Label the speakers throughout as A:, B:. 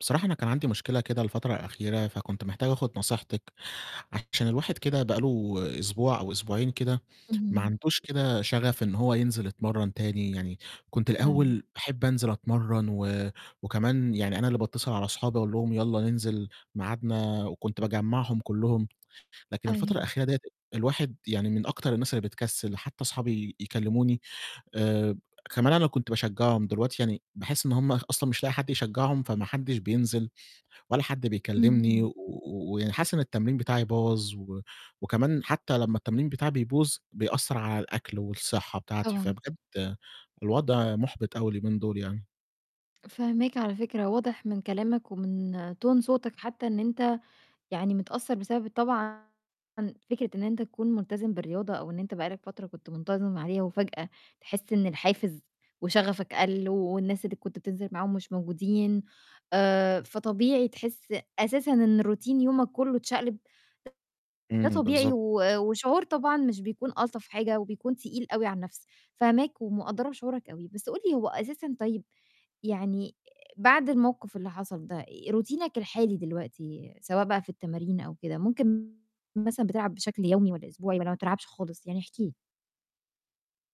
A: بصراحة أنا كان عندي مشكلة كده الفترة الأخيرة، فكنت محتاج آخُد نصيحتِك، عشان الواحد كده بقى له أسبوع أو أسبوعين كده ما
B: إمم.
A: عندهوش كده شَغَف إن هو ينزل يتمرَّن تاني، يعني كنت
B: آه.
A: الأول باحب أنزل أتمرَّن و وكمان يعني أنا اللي باتّصل على أصحابي أقول لهم يالَّا ننزل ميعادنا وكنت باجمَّعهم كُلّهم، لكن الفترة
B: أيوه.
A: الأخيرة ديّة الواحد يعني من أكتر الناس اللي بتكسِّل. حتّى أصحابي يكلِّموني آآ كمان أنا كنت باشجَّعهم دلوقتي يعني باحس إن هُم أصلًا مش لاقي حد يشجَّعهم فما حدّش بينزل ولّا حد بيكلِّمني
B: اهم.
A: و و ويعني حاسس إن التمرين بتاعي باظ و وكمان حتّى لمّا التمرين بتاعي بيبوظ، بيأثّر على الأكل والصحّة بتاعتي.
B: طبعًا.
A: فبجد الوضع مُحبِط أوي اليومين دُول يعني.
B: فاهماك على فكرة، واضح من كلامك ومن tone صوتك حتّى إن أنت يعني متأثّر بسبب طبعًا فكرة إن أنت تكون ملتزم بالرياضة أو إن أنت بقى لك فترة كنت منتظم عليها وفجأة تحس إن الحافز وشَغَفك قَل والناس اللي كنت بتنزل معاهم مش موجودين، آآ، فطبيعي تحس أساسًا إن روتين يومك كُلّه اتشقلب، ده
A: إمم،
B: طبيعي
A: بالضبط.
B: و وشعور طبعًا مش بيكون ألطف حاجة وبيكون تقيل أوي على النَفْس. فاهماك ومقدّرة شعورك أوي، بس قُل لي هو أساسًا طيب يعني بعد الموقِف اللي حصل ده، روتينك الحالي دلوقتي سواء بقى في التمارين أو كده، ممكن مثلًا بتلعب بشكل يومي والَّا أسبوعي والَّا ما بتلعبش خالص؟ يعني احكِ لي.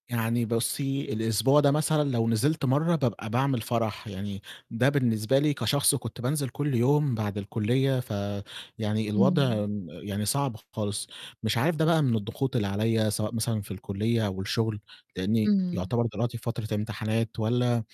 A: يعني بُصّي، الأسبوع ده مثلًا لو نزلت مرّة بابقى باعمل فرح، يعني ده بالنسبة لي كشخص كنت بانزل كل يوم بعد الكُلّية، فيعني
B: إمم.
A: الوضع م يعني صعب خالص. مش عارف ده بقى من الضغوط اللي عليّا سواء مثلًا في الكُلّية أو الشُغل، لإنّي
B: إمم.
A: يعتبر دلوقتي في فترة امتحانات والَّا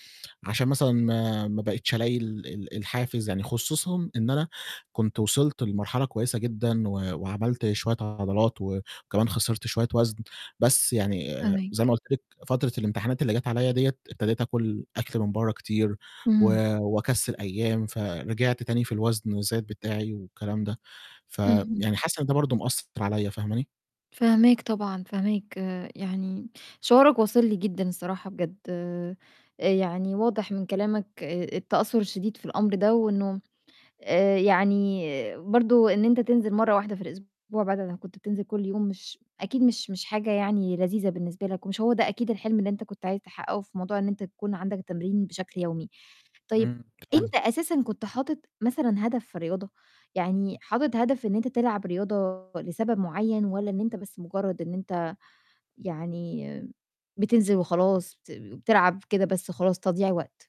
A: عشان مثلًا ما ما بقيتش ألاقي ال ال الحافز، يعني خصوصًا إن أنا كنت وصلت لمرحلة كويسة جدًا و وعملت شوية عضلات وكمان خسرت شوية وَزْن، بس يعني زي
B: فاهماك.
A: ما قُلت لِك فترة الامتحانات اللي جات عليّا ديّة، ابتديت آكُل أكل من برّه كتير و
B: إمم.
A: وأكسِّل أيام، فرجعت تاني في الوزن وزاد بتاعي والكلام ده،
B: اهم.
A: فيعني حاسس إن ده برضه ماثّر عليّا، فاهماني؟
B: فاهماك طبعًا، فاهماك. يعني شعورك واصل لي جدًا الصراحة بجد. آآ يعني واضح من كلامك آآ التأثُّر الشديد في الأمر ده، وإنه آآ يعني برضه إن أنت تنزل مرّة واحدة في الأسبوع بعد ما كنت بتنزل كل يوم مش أكيد مش مش حاجة يعني لذيذة بالنسبة لك ومش هو ده أكيد الحلم اللي أنت كنت عايز تحقَّقه في موضوع إن أنت يكون عندك تمرين بشكل يومي. طيب
A: إمم،
B: أنت
A: [unintelligible]
B: أساسًا كنت حاطط مثلًا هدف في الرياضة؟ يعني حاطط هدف إن أنت تلعب رياضة لسبب معيّن والَّا إن أنت بس مُجرّد إن أنت يعني بتنزل وخلاص، بت بتلعب كده بس خلاص تضييع وقت؟